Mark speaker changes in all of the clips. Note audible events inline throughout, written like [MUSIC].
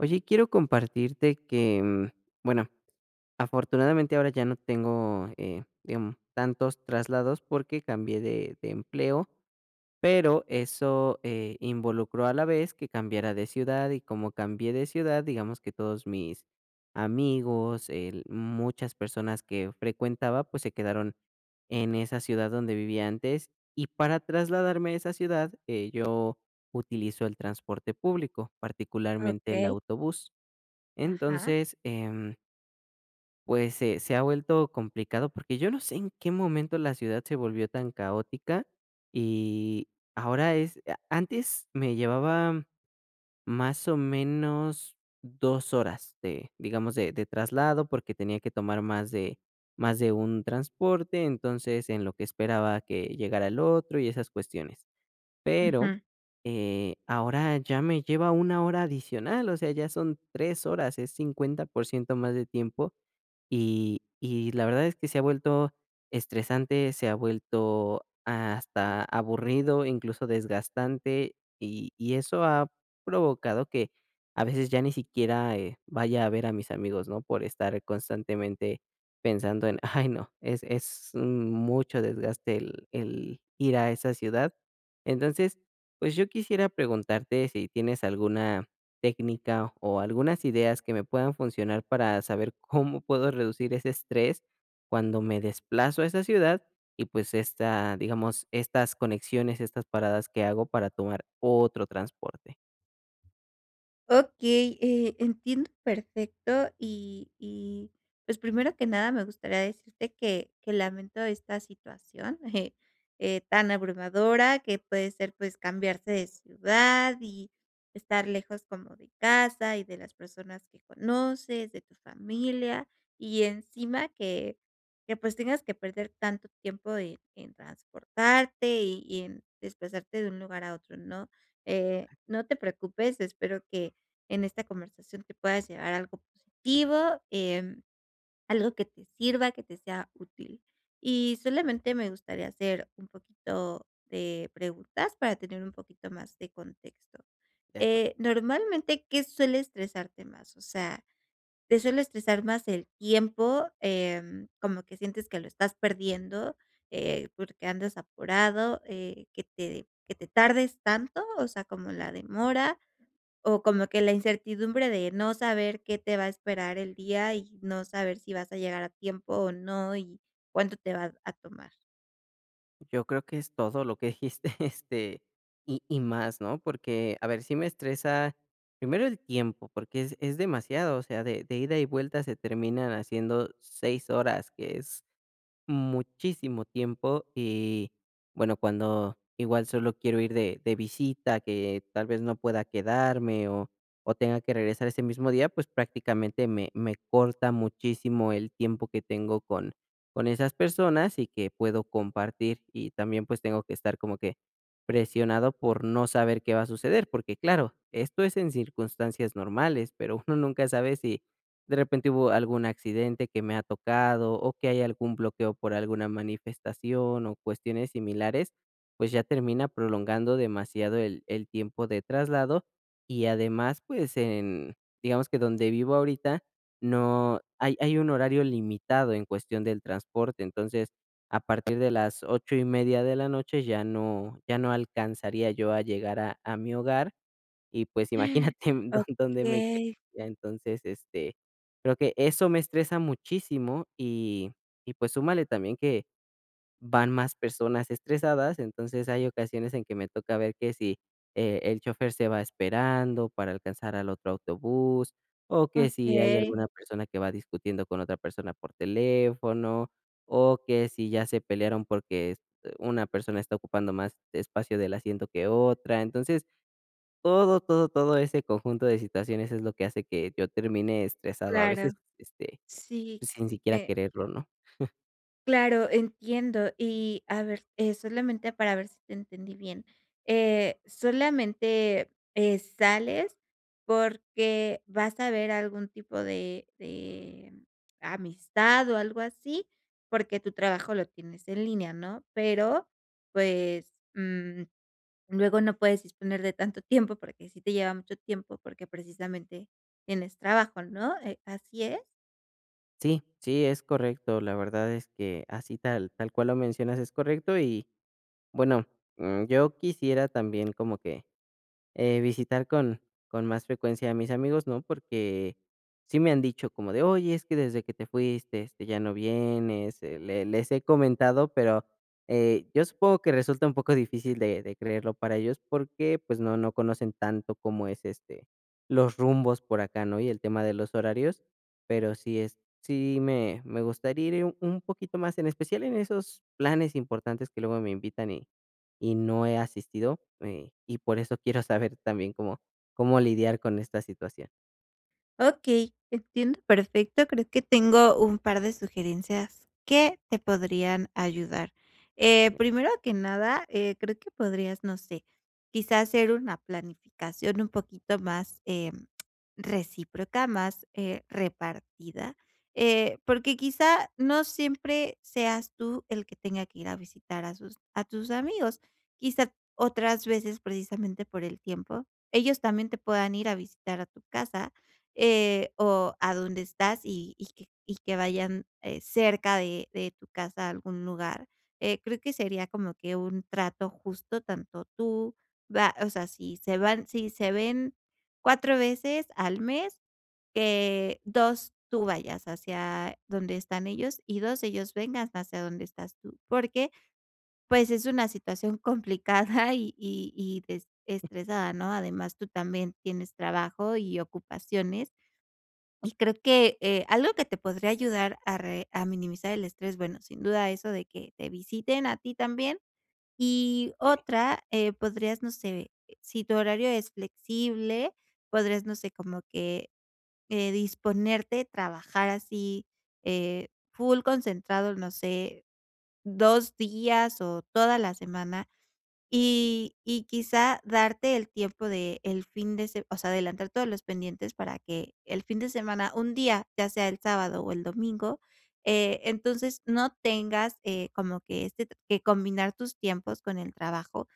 Speaker 1: Oye, quiero compartirte que, bueno, afortunadamente ahora ya no tengo, eh digam tantos traslados porque cambié de de empleo, pero eso, eh, involucró a la vez que cambiara de ciudad y como cambié de ciudad, digamos que todos mis amigos, el muchas personas que frecuentaba, pues se quedaron en esa ciudad donde vivía antes, y para trasladarme a esa ciudad, eh, yo utilizo el transporte público, particularmente el
Speaker 2: Okey.
Speaker 1: autobús.
Speaker 2: ¿Ajá?
Speaker 1: Entonces, em. Pues se se ha vuelto complicado, porque yo no sé en qué momento la ciudad se volvió tan caótica, y ahora es a antes me llevaba más o menos 2 horas de, digamos, de de traslado, porque tenía que tomar más de más de un transporte, entonces en lo que esperaba que llegara el otro y esas cuestiones. Pero,
Speaker 2: Ujú.
Speaker 1: eh, ahora ya me lleva una hora adicional, o sea, ya son 3 horas, es 50% más de tiempo, y y la verdad es que se ha vuelto estresante, se ha vuelto hasta aburrido, incluso desgastante. Y y eso ha provocado que a veces ya ni siquiera, eh, vaya a ver a mis amigos, ¿no? Por estar constantemente pensando en: "Ay no, es es mucho desgaste el el ir a esa ciudad". Entonces, pues, yo quisiera preguntarte si tienes alguna técnica o algunas ideas que me puedan funcionar para saber cómo puedo reducir ese estrés cuando me desplazo a esa ciudad y, pues, esta digamos, estas conexiones, estas paradas que hago para tomar otro transporte.
Speaker 2: Okey, eh, entiendo perfecto, y y, pues, primero que nada me gustaría decirte que que lamento esta situación, eh eh, tan abrumadora, que puede ser pues cambiarse de ciudad y estar lejos como de casa y de las personas que conoces, de tu familia y encima que que, pues, tengas que perder tanto tiempo en en transportarte y y en desplazarte de un lugar a otro, ¿no? Eh, no te preocupes, espero que en esta conversación te puedas llevar algo positivo, em, algo que te sirva, que te sea útil. Y solamente me gustaría hacer un poquito de preguntas para tener un poquito más de contexto.
Speaker 1: De acuerdo.
Speaker 2: Eh, normalmente, ¿qué suele estresarte más? O sea, te suele estresar más el tiempo, em, como que sientes que lo estás perdiendo, eh, porque andas apurado, eh, que te que te tardes tanto, o sea, como la demora, o como que la incertidumbre de no saber qué te va a esperar el día y no saber si vas a llegar a tiempo o no, y cuánto te va a tomar.
Speaker 1: Yo creo que es todo lo que dijiste, [CHUCKLES] este, y y más, ¿no? Porque, a ver, sí me estresa, primero el tiempo, porque, es es demasiado, o sea, de de ida y vuelta se terminan haciendo 6 horas, que es muchísimo tiempo, que bueno, y, cuando, que igual solo quiero ir de de visita, que tal vez no pueda quedarme o o tenga que regresar ese mismo día, pues, prácticamente me me corta muchísimo el tiempo que tengo con con esas personas, y que puedo compartir, y también, pues, tengo que estar como que presionado por no saber qué va a suceder, porque claro, esto es en circunstancias normales, pero, uno nunca sabe si, de repente hubo algún accidente que me ha tocado, o que hay algún bloqueo por alguna manifestación, o cuestiones similares, pues, ya termina prolongando demasiado el el tiempo de traslado y además, pues en, digamos que donde vivo ahorita, no, hay hay un horario limitado en cuestión del transporte. Entonces, a partir de las 8 1/2 de la noche, ya no ya no alcanzaría yo a llegar a a mi hogar. Y, pues,
Speaker 2: [GASPS]
Speaker 1: imagínate don dónde me
Speaker 2: Okey.
Speaker 1: queda. Entonces, este, creo que eso me estresa muchísimo y y pues, súmale también que van más personas estresadas. Entonces, hay ocasiones en que me toca ver que si, e el chofer se va esperando para alcanzar al otro autobús, o que si hay
Speaker 2: Okey.
Speaker 1: alguna persona que va discutiendo con otra persona por teléfono, o que si ya se pelearon, porque es eh, una persona está ocupando más espacio del asiento que otra. Entonces, todo, todo, todo ese conjunto de situaciones es lo que hace que yo termine estresado. A veces,
Speaker 2: Claro,
Speaker 1: este,
Speaker 2: sí,
Speaker 1: pues, sin siquiera
Speaker 2: eh.
Speaker 1: quererlo, ¿no? [CHUCKLES]
Speaker 2: Claro, entiendo y a ver, eh, solamente para ver si te entendí bien. Eh, solamente, eh, sales porque, vas a ver algún tipo de de, amistad o algo así, porque, tu trabajo lo tienes en línea, ¿no? Pero, pues, mm, luego no puedes disponer de tanto tiempo, porque, sí te lleva mucho tiempo, porque, precisamente tienes trabajo, ¿no? Eh, ¿así es?
Speaker 1: Sí, sí, es correcto, la verdad es que así tal tal cual lo mencionas es correcto y, bueno, mm, yo quisiera también como que, eh, visitar con con más frecuencia a mis amigos, ¿no? Porque sí me han dicho como de: "Oye, es que desde que te fuiste, este, ya no vienes", eh, le les he comentado, pero, eh, yo supongo que resulta un poco difícil de de creerlo para ellos, porque, pues, no no conocen tanto cómo es, este, los rumbos por acá, ¿no? Y el tema de los horarios, pero sí es, sí me me gustaría ir un poquito más, en especial en esos planes importantes que luego me invitan y y no he asistido, eh, y por eso quiero saber también cómo cómo lidiar con esta situación.
Speaker 2: Okey, entiendo perfecto, creo que tengo un par de sugerencias que te podrían ayudar. Eh, primero que nada, eh, creo que podrías, no sé, quizá hacer una planificación un poquito más, em, recíproca, más, eh, repartida, eh, porque quizá no siempre seas tú el que tenga que ir a visitar a sus a tus amigos, quizá otras veces precisamente por el tiempo. Ellos también te puedan ir a visitar a tu casa, eh, o a dónde estás y y que y que vayan, eh, cerca de de tu casa a algún lugar. Eh, creo que sería como que un trato justo tanto tú, va o sea, si se van si se ven 4 veces al mes, que 2 tú vayas hacia donde están ellos y 2 ellos vengan hacia donde estás tú, porque, pues, es una situación complicada y y y des estresada, ¿no? Además, tú también tienes trabajo y ocupaciones, y creo que, eh, algo que te podría ayudar a re a minimizar el estrés, bueno, sin duda eso de que te visiten a ti también. Y
Speaker 1: Sí.
Speaker 2: otra, eh, podrías, no sé, si tu horario es flexible, podrías, no sé, como que, eh, disponerte, trabajar así, eh, full concentrado, no sé, 2 días o toda la semana, y y quizá darte el tiempo del fin de se o sea, adelantar todos los pendientes para que el fin de semana, un día, ya sea el sábado o el domingo, eh, entonces no tengas, eh, como que este t que combinar tus tiempos con el trabajo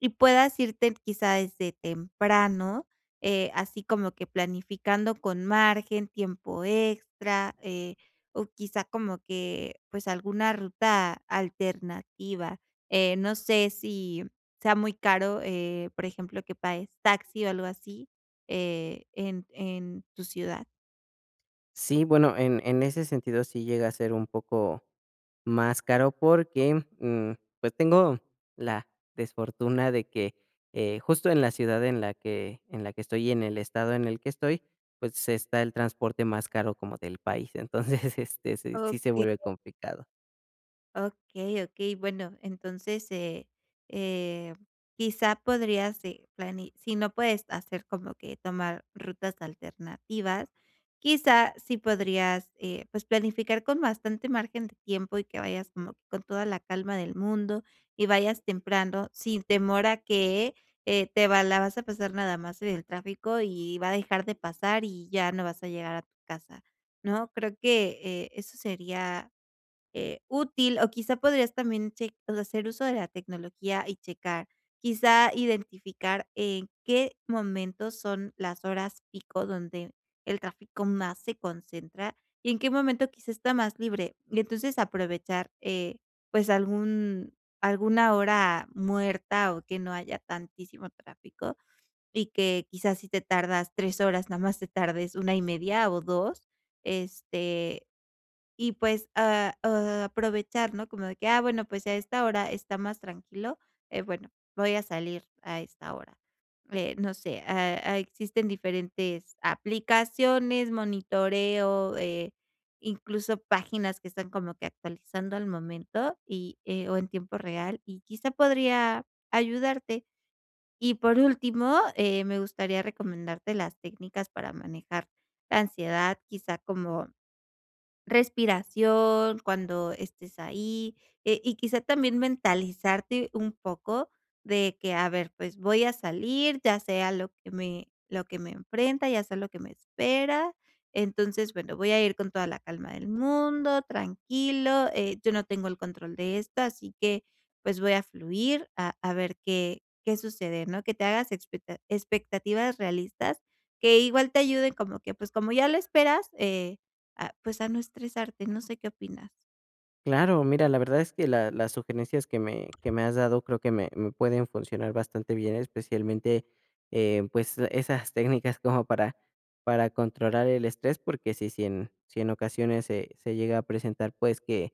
Speaker 2: y puedas irte quizá desde temprano, eh, así como que planificando con margen, tiempo extra, eh, o quizá como que, pues, alguna ruta alternativa. Eh, no sé si sea muy caro, eh, por ejemplo, que pagues taxi o algo así, eh, en en tu ciudad.
Speaker 1: Sí, bueno, en en ese sentido, sí llega a ser un poco más caro, porque, mm, pues, tengo la "desfortuna" de que, eh, justo en la ciudad en la que en la que estoy y en el estado en el que estoy, pues, está el transporte más caro como del país, entonces, [CHUCKLES] este, s sí se
Speaker 2: Okey.
Speaker 1: vuelve complicado.
Speaker 2: Okey, okey, bueno entonces, eh eh, quizá podrías, eh, plani si no puedes hacer como que tomar rutas alternativas, quizá si podrías, eh, pues, planificar con bastante margen de tiempo y que vayas como que con toda la calma del mundo, y vayas temprano sin temor a que, eh, te va la vas a pasar nada más en el tráfico y va a dejar de pasar y ya no vas a llegar a tu casa, ¿no? Creo que, eh, eso sería, eh, útil, o quizá podrías también cheq pues, hacer uso de la tecnología y checar, quizá identificar en qué momento son las horas pico donde el tráfico más se concentra y en qué momento quizá está más libre, y entonces aprovechar, eh, pues algún alguna hora muerta, o que no haya tantísimo tráfico y que quizás si te tardas 3 horas, nada más te tardes 1 1/2 o 2, este, y pues, ah, oh, aprovechar ¿no? Como de que, ah, bueno pues a esta hora está más tranquilo, eh, bueno voy a salir a esta hora. Eh, no sé, eh, existen diferentes aplicaciones, monitoreo, eh, incluso páginas que están como que actualizando al momento, y eh, o en tiempo real, y quizá podría ayudarte. Y por último, eh, me gustaría recomendarte las técnicas para manejar la ansiedad, quizá como respiración cuando estés ahí, eh, y quizá también mentalizarte un poco de que a ver, pues voy a salir, ya sé a lo que me lo que me enfrenta, ya sé a lo que me espera. Entonces, bueno, voy a ir con toda la calma del mundo, tranquilo, eh, yo no tengo el control de esto, así que pues, voy a fluir a a ver qué qué sucede ¿no? Que te hagas expecta expectativas realistas que igual te ayuden como que, pues, como ya lo esperas, eh, a pues, a no estresarte, no sé qué opinas.
Speaker 1: Claro, mira, la verdad es que la las sugerencias que me que me has dado creo que me me pueden funcionar bastante bien, especialmente, eh, pues, esas técnicas como para para controlar el estrés, porque, si si en si en ocasiones se se llega a presentar, pues, que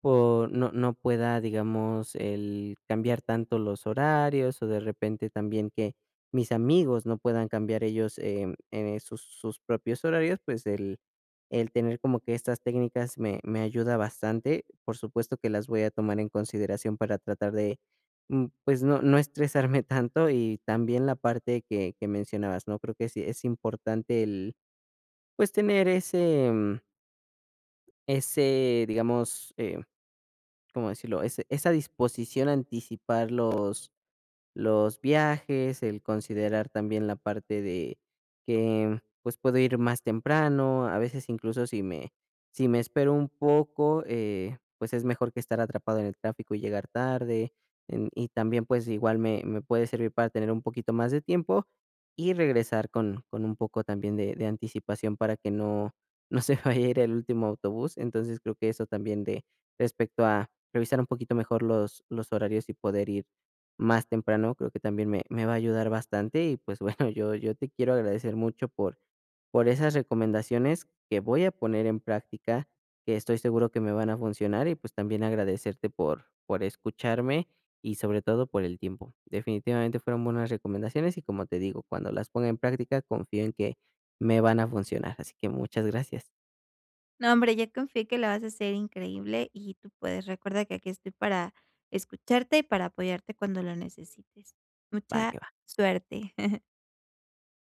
Speaker 1: por no no pueda, digamos, el cambiar tanto los horarios o de repente también que mis amigos no puedan cambiar ellos, em, eh, sus sus propios horarios, pues, el el tener como que estas técnicas me me ayuda bastante. Por supuesto que las voy a tomar en consideración para tratar de, mm pues, no no estresarme tanto, y también la parte que que mencionabas, ¿no? Creo que sí es importante el, pues, tener ese, mm. Ese, digamos, eh, ¿cómo decirlo? Ese esa disposición a anticipar los los viajes, el considerar también la parte de que, pues, puedo ir más temprano, a veces incluso si me si me espero un poco, eh, pues es mejor que estar atrapado en el tráfico y llegar tarde, em y también, pues, igual me me puede servir para tener un poquito más de tiempo y regresar con con un poco, también, de de anticipación para que no no se vaya a ir el último autobús. Entonces, creo que eso también de respecto a revisar un poquito mejor los los horarios y poder ir más temprano, creo que también me me va a ayudar bastante. Y pues bueno, [CHUCKLES] yo yo te quiero agradecer mucho, por por esas recomendaciones que voy a poner en práctica, que estoy seguro que me van a funcionar, y pues también agradecerte por por escucharme, y sobre todo por el tiempo. Definitivamente fueron buenas recomendaciones, y como te digo, cuando las ponga en práctica confío en que me van a funcionar, así que muchas gracias.
Speaker 2: No hombre, yo confío que lo vas a hacer increíble, y tú puedes. Recuerda que aquí estoy para escucharte y para apoyarte cuando lo necesites.
Speaker 1: Va,
Speaker 2: Mucha
Speaker 1: que va.
Speaker 2: suerte. [CHUCKLES]